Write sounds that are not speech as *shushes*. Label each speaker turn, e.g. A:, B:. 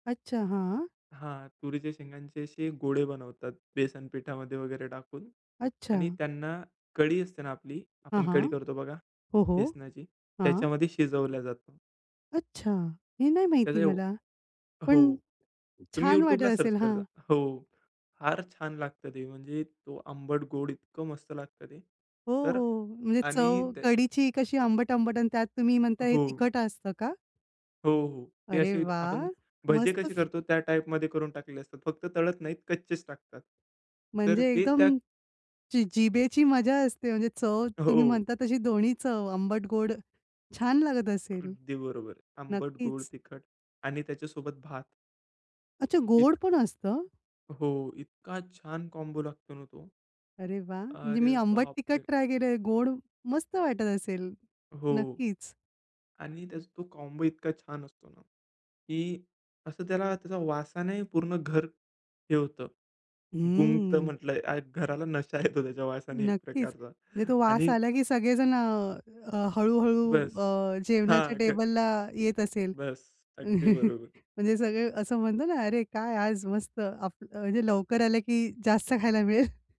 A: अच्छा, हां.
B: हां. तुरीच्या शेंगांचे अशे गोळे बनवतात बेसन पीठामध्ये वगैरे टाकून आणि
A: अच्छा.
B: त्यांना कढी असते ना आपली,
A: हां,
B: आपण
A: हां.
B: कढी करतो बघा
A: हो, हो.
B: बेसनाची,
A: हां.
B: त्याच्यामध्ये शिजवल्या जात.
A: अच्छा, हे नाही
B: त्याचं
A: माहिती
B: ये
A: मला.
B: हो.
A: पण
B: तुम्ही
A: छान वाटत
B: YouTubeला सर्च
A: असेल.
B: करा जा.
A: हां.
B: हो. फार छान लागतं ते. म्हणजे तो आंबट-गोड इतकं मस्त लागतं ते.
A: हो,
B: तर अ,
A: हो. म्हणजे
B: आणि
A: चव
B: ते
A: कढीची कशी आंबट, आंबट आणि त्यात तुम्ही म्हणताय हे
B: हो.
A: तिखट असतं का?
B: हो, हो. ते
A: अरे
B: अशी
A: वाह!
B: आपण भजे
A: मस्तच.
B: कसे
A: *shushes*
B: करतो, त्या टाइपमध्ये करून टाकलेले असतात. फक्त तळत नाहीत, कच्चेच टाकतात. तर
A: म्हणजे
B: ते
A: एकदम
B: त्या
A: जि जिभेची मजा असते, म्हणजे चव तुम्ही
B: हो.
A: म्हणता तशी दोन्ही चव आंबट-गोड. छान लागत असेल.
B: अगदी बरोबर. आंबट, गोड,
A: नक्कीच.
B: तिखट आणि त्याच्यासोबत भात.
A: अच्छा, गोड
B: इत
A: पण असतं?
B: हो, इतका छान कॉम्बो लागतो ना तो.
A: अरे, वाह! म्हणजे
B: अरे,
A: मी आंबट,
B: बाप
A: तिखट
B: रे!
A: ट्राय केलय. गोड मस्त वाटत असेल.
B: हो.
A: नक्कीच.
B: आणि त्याचा तो कॉम्बो इतका छान असतो ना, की असं त्याला त्याच्या वासाने पूर्ण घर हे होतं, गुंगतं
A: हम्म.
B: म्हटलंय. घराला नशा येतो त्याच्या वासाने एक
A: नक्कीच. म्हणजे
B: प्रकारचा
A: तो वास
B: आणि
A: आला, की सगळेजण अ, अ, हळू-हळू
B: बस.
A: अ, जेवणाच्या
B: हां, ग
A: टेबलला येत असेल.
B: बस. अगदी
A: *chuckles*
B: बरोबर.
A: म्हणजे सगळे असं म्हणतो ना, "अरे, काय आज मस्त, आप म्हणजे लवकर आलं, की जास्त खायला मिळेल." *chuckles*